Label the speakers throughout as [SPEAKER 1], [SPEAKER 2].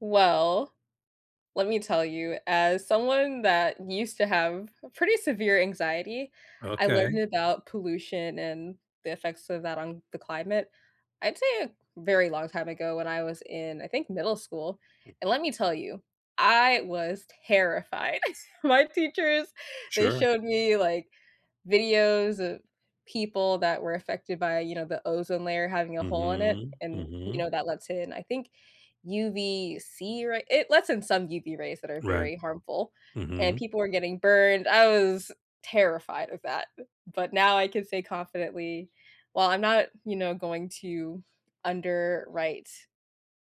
[SPEAKER 1] Well, let me tell you, as someone that used to have a pretty severe anxiety, I
[SPEAKER 2] Okay.
[SPEAKER 1] learned about pollution and the effects of that on the climate I'd say a very long time ago when I was in, I think, middle school, and
[SPEAKER 2] Mhm.
[SPEAKER 1] let me tell you, I was terrified. My teachers, they
[SPEAKER 2] Sure.
[SPEAKER 1] showed me, like, videos of people that were affected by, you know, the ozone layer having a hole in it,
[SPEAKER 2] Mhm,
[SPEAKER 1] and, you
[SPEAKER 2] mhm.
[SPEAKER 1] know, that lets in, I think, UVC ray it lets in some UV rays that are
[SPEAKER 2] Right.
[SPEAKER 1] very harmful, and
[SPEAKER 2] Mhm.
[SPEAKER 1] people were getting burned, I was terrified of that, but now I can say confidently well, I'm not, you know, going to underwrite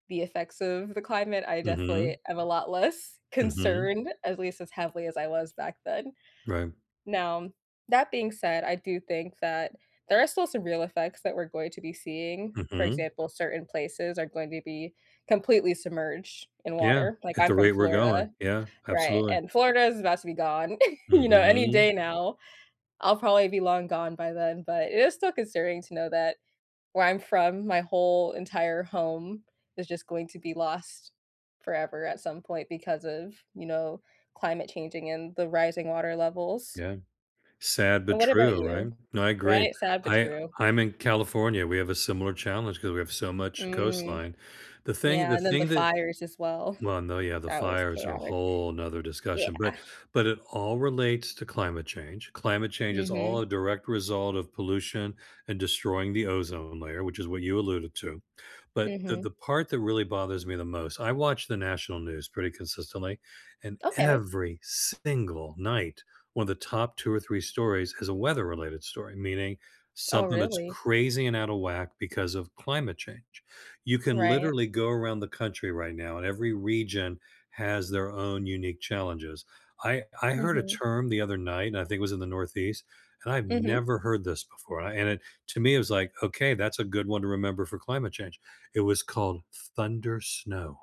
[SPEAKER 1] the effects of the climate, I definitely
[SPEAKER 2] Mhm.
[SPEAKER 1] am a lot less
[SPEAKER 2] Mhm.
[SPEAKER 1] concerned- at least as heavily as I was back then.
[SPEAKER 2] Right.
[SPEAKER 1] Now, that being said, I do think that there are still some real effects that we're going to be seeing, for
[SPEAKER 2] Mhm.
[SPEAKER 1] example, certain places are going to be completely submerged in
[SPEAKER 2] Yeah,
[SPEAKER 1] water- like,
[SPEAKER 2] at
[SPEAKER 1] I'm
[SPEAKER 2] the
[SPEAKER 1] from
[SPEAKER 2] rate we're going.
[SPEAKER 1] Florida,
[SPEAKER 2] Yeah,
[SPEAKER 1] right,
[SPEAKER 2] absolutely.
[SPEAKER 1] and Florida is about to be gone, you know, any
[SPEAKER 2] Mhm.
[SPEAKER 1] day now, I'll probably be long gone by then, but it is still concerning to know that where I'm from, my whole entire home is just going to be lost forever at some point because of, you know, climate changing and the rising water levels.
[SPEAKER 2] Yeah. Sad
[SPEAKER 1] And
[SPEAKER 2] but
[SPEAKER 1] what about
[SPEAKER 2] true, right?
[SPEAKER 1] you?
[SPEAKER 2] No, I agree.
[SPEAKER 1] Right, sad but
[SPEAKER 2] I
[SPEAKER 1] true.
[SPEAKER 2] I'm in California, we have a similar challenge 'cause we have so much
[SPEAKER 1] Mm.
[SPEAKER 2] coastline. The thing
[SPEAKER 1] Yeah,
[SPEAKER 2] the
[SPEAKER 1] and then the
[SPEAKER 2] thing that
[SPEAKER 1] fires as well.
[SPEAKER 2] Well, no, yeah, the
[SPEAKER 1] That was
[SPEAKER 2] fires are
[SPEAKER 1] chaotic.
[SPEAKER 2] whole 'nother discussion, but
[SPEAKER 1] Yeah.
[SPEAKER 2] but it all relates to climate change, climate change is all
[SPEAKER 1] Mhm.
[SPEAKER 2] a direct result of pollution and destroying the ozone layer- which is what you alluded to- but the
[SPEAKER 1] Mhm.
[SPEAKER 2] the part that really bothers me the most I watch the national news pretty consistently, and
[SPEAKER 1] Okay.
[SPEAKER 2] every single night, one of the top 2 or 3 stories is a weather-related story, meaning
[SPEAKER 1] Oh,
[SPEAKER 2] something that's
[SPEAKER 1] really?
[SPEAKER 2] crazy and out of whack because of climate change. You can
[SPEAKER 1] Right.
[SPEAKER 2] literally go around the country right now, and every region has their own unique challenges. I I heard a
[SPEAKER 1] Mhm.
[SPEAKER 2] term the other night, and I think it was in the Northeast, and I've
[SPEAKER 1] Mhm.
[SPEAKER 2] never heard this before, and it to me, it was like, "Okay, that's a good one to remember for climate change," it was called "thundersnow."